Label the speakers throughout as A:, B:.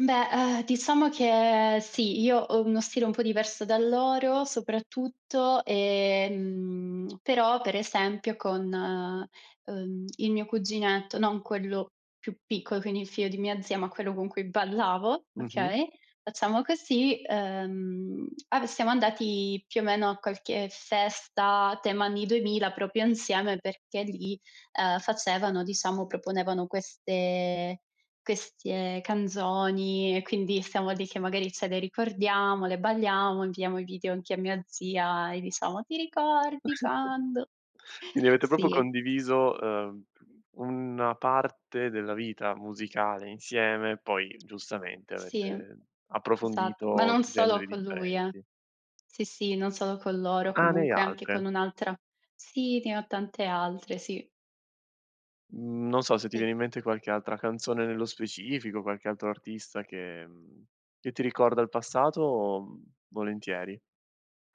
A: Beh, ehm, diciamo che sì, io ho uno stile un po' diverso dal loro, soprattutto, ehm, però, per esempio con, uhm, il mio cuginetto, non quello più piccolo, quindi il figlio di mia zia, ma quello con cui ballavo,
B: Mh-mh.
A: okay, facciamo così, ehm, a siamo andati più o meno a qualche festa a tema anni 2000 proprio insieme perché lì, ehm, facevano diciamo, proponevano queste queste canzoni. E quindi stiamo dice: "Magari ce le ricordiamo, le balliamo, inviamo i video anche a mia zia e diciamo: 'Ti ricordi quando'"
B: Quindi avete proprio
A: Sì.
B: condiviso, ehm, u una parte della vita musicale insieme, poi giustamente
A: Sì.
B: avete
A: Esatto. Ma
B: approfondito
A: non
B: generi
A: solo con lui, eh.
B: differenti.
A: Sì, sì, non solo con loro,
B: Ah, ne hai
A: comunque anche
B: altre.
A: con un'altra sì, ne ho tante altre, sì.
B: Mhmm, non so se ti
A: E
B: viene in mente qualche altra canzone nello specifico, qualche altro artista che mhmm, che ti ricorda il passato, mhmm, volentieri.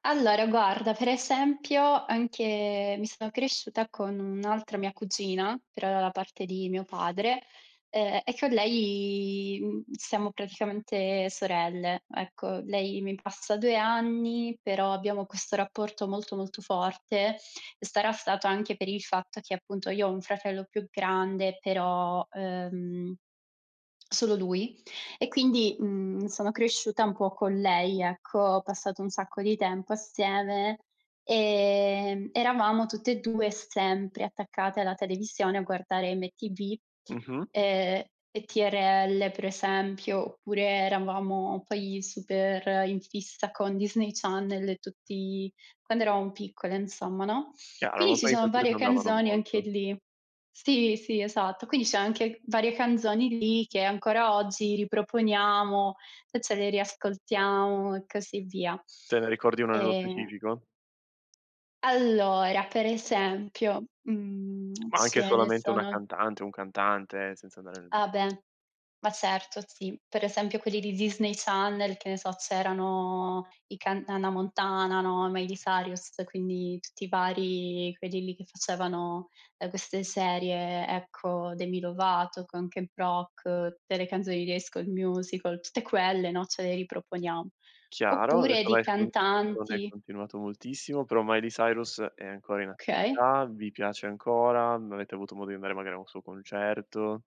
A: Allora, guarda, per esempio, anche mi sono cresciuta con un'altra mia cugina, però dalla parte di mio padre, uhm, e con lei, uhm, siamo praticamente sorelle, ecco. Lei mi passa 2 anni, però abbiamo questo rapporto molto molto forte. Sarà stato anche per il fatto che, appunto, io ho un fratello più grande, però, uhm, solo lui, e quindi, mhmm, sono cresciuta un po' con lei, ecco. Ho passato un sacco di tempo assieme; ehm, eravamo tutte e 2 sempre attaccate alla televisione a guardare MTV,
B: Mh-mh.
A: ehm, e TRL per esempio. Oppure eravamo poi super in fissa con Disney Channel e tutti quando eravamo piccole insomma, no.
B: Chiaro,
A: Quindi
B: ma
A: ci
B: poi i
A: sono varie
B: [unintelligible] andavano
A: canzoni anche
B: molto.
A: lì. Sì, sì, esatto. Quindi c'è anche varie canzoni lì che ancora oggi riproponiamo e ce le riascoltiamo e così via.
B: Te ne ricordi uno nello
A: E
B: specifico?
A: Allora, per esempio, mhmm,
B: Ma anche
A: ce ne
B: solamente una
A: sono
B: cantante, un cantante, senza andare
A: Ah beh. Ma certo, sì. Per esempio quelli di Disney Channel, che ne so, c'erano i canta Hannah Montana, no, Miley Cyrus, quindi tutti i vari quelli lì che facevano, ehm, queste serie, ecco. Demi Lovato con Camp Rock, tutte le canzoni di High School Musical, tutte quelle, no, ce le riproponiamo.
B: Chiaro, ho
A: Oppure
B: detto
A: di
B: "Vai" [unintelligible] non è
A: cantanti
B: continuato moltissimo, però Miley Cyrus è ancora in
A: Okay.
B: attività, vi piace ancora? Non avete avuto modo di andare magari a un suo concerto?